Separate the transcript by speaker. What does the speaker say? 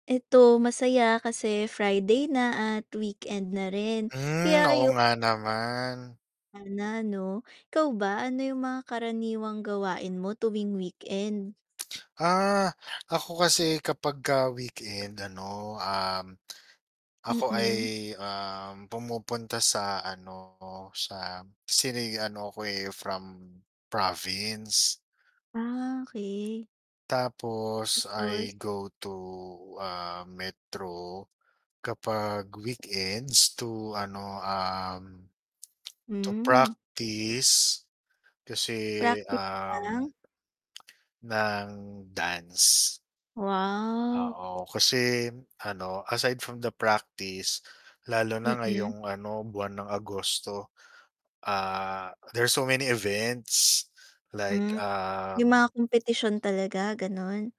Speaker 1: Eto masaya kasi Friday na at weekend na rin.
Speaker 2: Hmm,
Speaker 1: Kaya
Speaker 2: oo
Speaker 1: ayu
Speaker 2: nga naman.
Speaker 1: Sana 'no. Ikaw ba? Ano yung mga karaniwang gawain mo tuwing weekend?
Speaker 2: Ah, ako kasi kapag ka weekend ano, um, ako ay,
Speaker 1: Mm.
Speaker 2: um, pumupunta sa ano, sa sini ano ako from province.
Speaker 1: Ah. okey.
Speaker 2: Tapos I
Speaker 1: Tapos?
Speaker 2: go to, ah, Metro kapag weekends to ano, um, to
Speaker 1: Hmm.
Speaker 2: practice kasi
Speaker 1: Practice
Speaker 2: um
Speaker 1: ng?
Speaker 2: ng dance.
Speaker 1: Wow.
Speaker 2: Oo, kasi ano aside from the practice, lalo na
Speaker 1: Mm.
Speaker 2: ngayong ano buwan ng Agosto, ah, there's so many events like,
Speaker 1: Hmm. May mga
Speaker 2: um.
Speaker 1: kompetisyon talaga, ganon?